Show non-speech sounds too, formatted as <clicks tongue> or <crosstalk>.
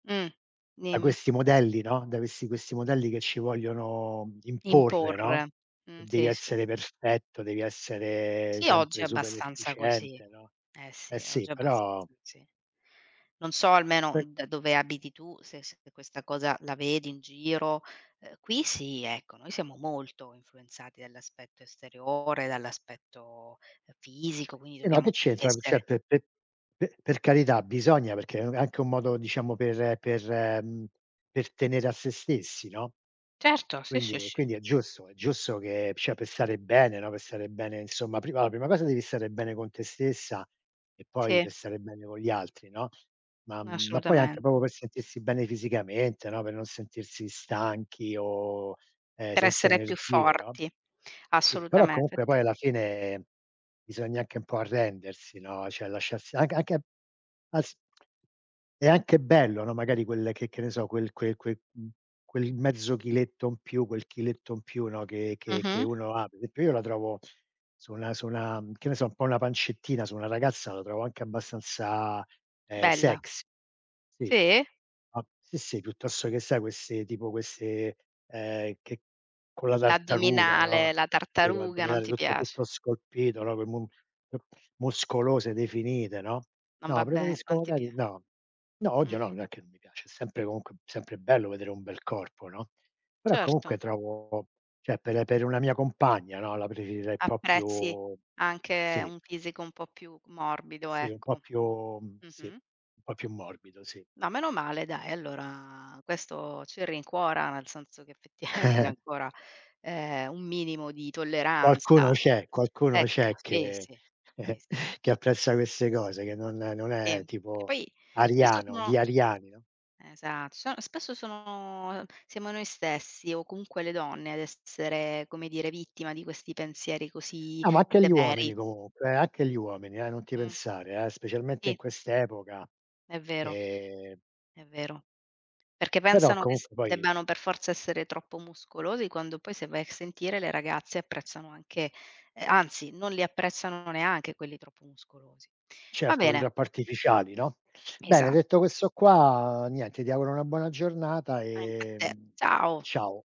Mh. Da Dimmi. questi modelli, no, da questi questi modelli che ci vogliono imporre, no. Imporre, mh, Devi sì, sì. essere perfetto, devi essere Sì, oggi sempre è super abbastanza così. efficiente, no. Eh Eh sì, sì, oggi è però abbastanza così. Non so, almeno poi da dove abiti tu, se se questa cosa la vedi in giro; ehm, qui sì, ecco, noi siamo molto influenzati dall'aspetto esteriore, dall'aspetto, ehm, <clicks tongue> fisico, quindi Sì, no, che dobbiamo c'entra co cioè, essere pe pe pe per carità, bisogna, perché, mhmm, è anche un modo, diciamo, per per, mhmm per tenere a se stessi, no. Certo, sì, sì, Quindi e sì. quindi è giusto è giusto che, cioè, per stare bene, no, per stare bene, insomma, prima la prima cosa devi stare bene con te stessa e poi, Sì. per stare bene con gli altri, no. Ma, mhmm ma poi anche Assolutamente. proprio per sentirsi bene fisicamente, no, per non sentirsi stanchi o, ehm, Per senza essere più energie, no. forti. Sì, però Assolutamente. comunque Fatti poi alla fine bisogna anche un po' arrendersi, no, cioè lasciarsi anche anche asp <clicks tongue> è anche bello, no, magari quel che che ne so, quel quel quel mhmm, quel mezzo chiletto in più quel chiletto in più, no, che che che Mh-mh. uno ha. Pe e pe io la trovo su una su una che ne so, un po' una pancettina, su una ragazza la trovo anche abbastanza, ehm, Bella. sex. Sì. Si? A sì, sì, piuttosto che sai, queste tipo queste ehm, che con la tartaruga, L'addominale, no. la Poi tartaruga, non l'addominale ti tutto piace. tutto scolpito, no, ehm, mu mu muscolose, definite, no. Non No, vabbè preferisco non ti magari pia no. No, Mh. odio no, non è che non mi piace, è sempre comunque sempre bello vedere un bel corpo, no. Però comunque Certo. trovo cioè, per per una mia compagna, no, la preferirei un po' Apprezzi più anche sì. un fisico un po' più morbido, Sì un po' ecco. Mh. più sì. Mh-mh. Un po' più morbido, si. Ma meno male dai, allora questo ci rincuora, nel senso che effettivamente <chuckles> ancora, ehm, un minimo di Qualcuno tolleranza. c'è, qualcuno Ecco, c'è sì, che sì. Si <chuckles> si. che apprezza queste cose, che non non Sì, è che tipo poi spesso ariano, sono gli ariani, no. Esatto, son spesso sono, ehm siamo noi stessi o comunque le donne ad essere, come dire, vittima di questi pensieri così No, ma anche gli severi. uomini comunque eh anche gli uomini eh, non ti Mh. pensare eh, specialmente in Sì. quest'epoca. È vero. Ehm È vero. Perché Però pensano che s comunque poi debbano per forza essere troppo muscolosi, quando poi, se vai a sentire le ragazze, apprezzano anche eh, anzi, non li apprezzano neanche quelli troppo muscolosi. Va Certo, quelli bene. troppo artificiali, no. Bene, Esa detto questo qua, niente, ti auguro una buona giornata Anche a e, te. mhmm, Ciao. ciao.